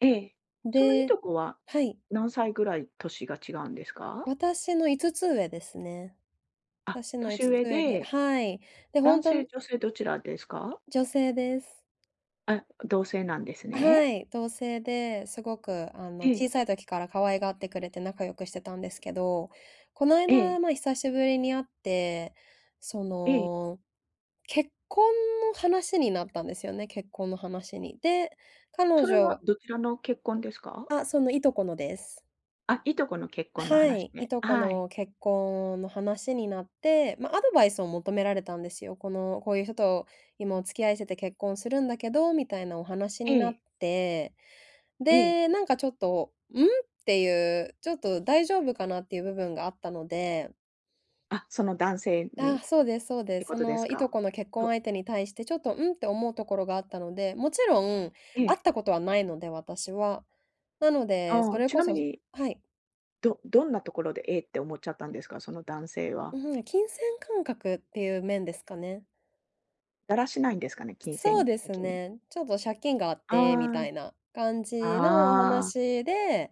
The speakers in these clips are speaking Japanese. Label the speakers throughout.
Speaker 1: ええ、
Speaker 2: ん
Speaker 1: そのい
Speaker 2: で
Speaker 1: とこは、
Speaker 2: はい。
Speaker 1: 何歳ぐらい年が違うんですか？
Speaker 2: 私の5つ上ですね。
Speaker 1: あ、
Speaker 2: 私のい
Speaker 1: 年
Speaker 2: つつ
Speaker 1: 上
Speaker 2: 上で
Speaker 1: で、
Speaker 2: はい。で、ほん
Speaker 1: 男
Speaker 2: と、
Speaker 1: 性、
Speaker 2: ん
Speaker 1: 女性どちらですか？
Speaker 2: 女性です。
Speaker 1: あ、同性なんです
Speaker 2: あ、は
Speaker 1: ね。
Speaker 2: い、同姓ですごく、あの、
Speaker 1: え
Speaker 2: 小
Speaker 1: え。
Speaker 2: さい時から可愛がってくれて仲良くしてたんですけど、こない
Speaker 1: え
Speaker 2: だ、
Speaker 1: え。
Speaker 2: まあ久しぶりに会って、そ
Speaker 1: ええ。
Speaker 2: の、結婚の話になったんですよね、結婚の話に。で、彼
Speaker 1: それは
Speaker 2: 女
Speaker 1: どちらの結婚ですか？
Speaker 2: あ、そのいとこのです。
Speaker 1: あ、いとこの結
Speaker 2: あ、
Speaker 1: 婚の
Speaker 2: は
Speaker 1: 話
Speaker 2: い、い
Speaker 1: で。
Speaker 2: と
Speaker 1: あ、
Speaker 2: こ
Speaker 1: はい。
Speaker 2: の結婚の話になって、ま、アドバイスを求められたんですよ。この、こういう人と今お付き合いしてて結婚するんだけど、みたいなお話
Speaker 1: え
Speaker 2: にな
Speaker 1: え。
Speaker 2: って、
Speaker 1: ええ。
Speaker 2: で、なんかちょっと、「うん？」ていう、ちょっと大丈夫かなっていう部分があったので
Speaker 1: あ、その男性
Speaker 2: ああ、
Speaker 1: にっ
Speaker 2: そうですそうで
Speaker 1: て
Speaker 2: す。
Speaker 1: こ
Speaker 2: そ
Speaker 1: とです
Speaker 2: のい
Speaker 1: か？
Speaker 2: とこの結婚
Speaker 1: ど
Speaker 2: 相手に対してちょっと「うん？」て思うところがあったので、もちろん
Speaker 1: え
Speaker 2: 会っ
Speaker 1: え。
Speaker 2: たことはないので私は。なので、
Speaker 1: あ
Speaker 2: そ
Speaker 1: あ、
Speaker 2: れ
Speaker 1: ち
Speaker 2: こ
Speaker 1: な
Speaker 2: そ、
Speaker 1: み
Speaker 2: ず
Speaker 1: に、
Speaker 2: はい。
Speaker 1: どどんなところで、「え？」って思っちゃったんですか、その男性は。
Speaker 2: うん、え、金銭感覚っていう面ですかね。
Speaker 1: だらしないんですかね、金
Speaker 2: そう
Speaker 1: 銭
Speaker 2: です
Speaker 1: 的に。
Speaker 2: ね、ちょっと借金があってみた
Speaker 1: あ
Speaker 2: いな感
Speaker 1: あ。
Speaker 2: じのお
Speaker 1: ああ。
Speaker 2: 話で、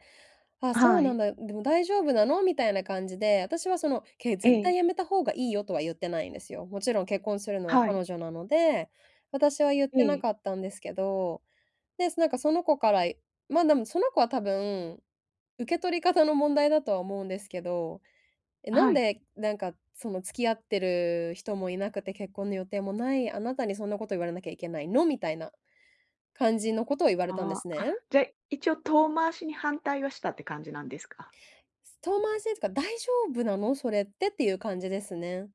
Speaker 2: 「あ、
Speaker 1: あ、
Speaker 2: そう
Speaker 1: は
Speaker 2: な
Speaker 1: い。
Speaker 2: んだ、ん、でも大丈夫なの？」みたいな感じで、私は「そのけ
Speaker 1: え
Speaker 2: 絶対
Speaker 1: え。
Speaker 2: やめた方がいいよ」とはゆってないんですよ。もちろん結婚するのは
Speaker 1: はい。
Speaker 2: 彼女なので、私はゆっ
Speaker 1: え
Speaker 2: てな
Speaker 1: え。
Speaker 2: かったんですけど、で、す、なんかその子から、いまあでもその子は多分、受け取り方の問題だとは思うんですけど、「え、
Speaker 1: あ、
Speaker 2: な
Speaker 1: は
Speaker 2: ん
Speaker 1: い。
Speaker 2: で、なんかその付き合ってる人もいなくて、結婚の予定もない、あなたにそんなこと言われなきゃいけないの？」みたいな、感じのことを言われたんで
Speaker 1: あ
Speaker 2: す
Speaker 1: あ、
Speaker 2: ね。
Speaker 1: あ、じゃ一応遠回しに反対はしたって感じなんですか？
Speaker 2: す遠回しっつか、「大丈夫なの、それって？」っていう感じですね。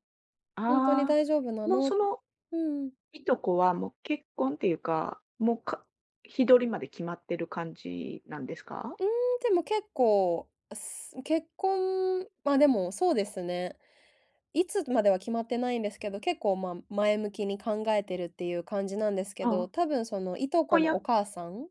Speaker 2: 「ほんとに
Speaker 1: ああ、
Speaker 2: 大丈夫な
Speaker 1: もう
Speaker 2: の？」う
Speaker 1: その、
Speaker 2: ふん。
Speaker 1: いとこはもう結婚っていうか、もうか日取りまで決まってる感じなんですか？
Speaker 2: うーん、でも結構、あ、すう結婚ま、でもそうですね。いつまでは決まってないんですけど、結構まあ、前向きに考えてるっていう感じなんですけど、
Speaker 1: あ、
Speaker 2: 多分その従
Speaker 1: こ
Speaker 2: 姉
Speaker 1: ん
Speaker 2: の
Speaker 1: や
Speaker 2: お母さん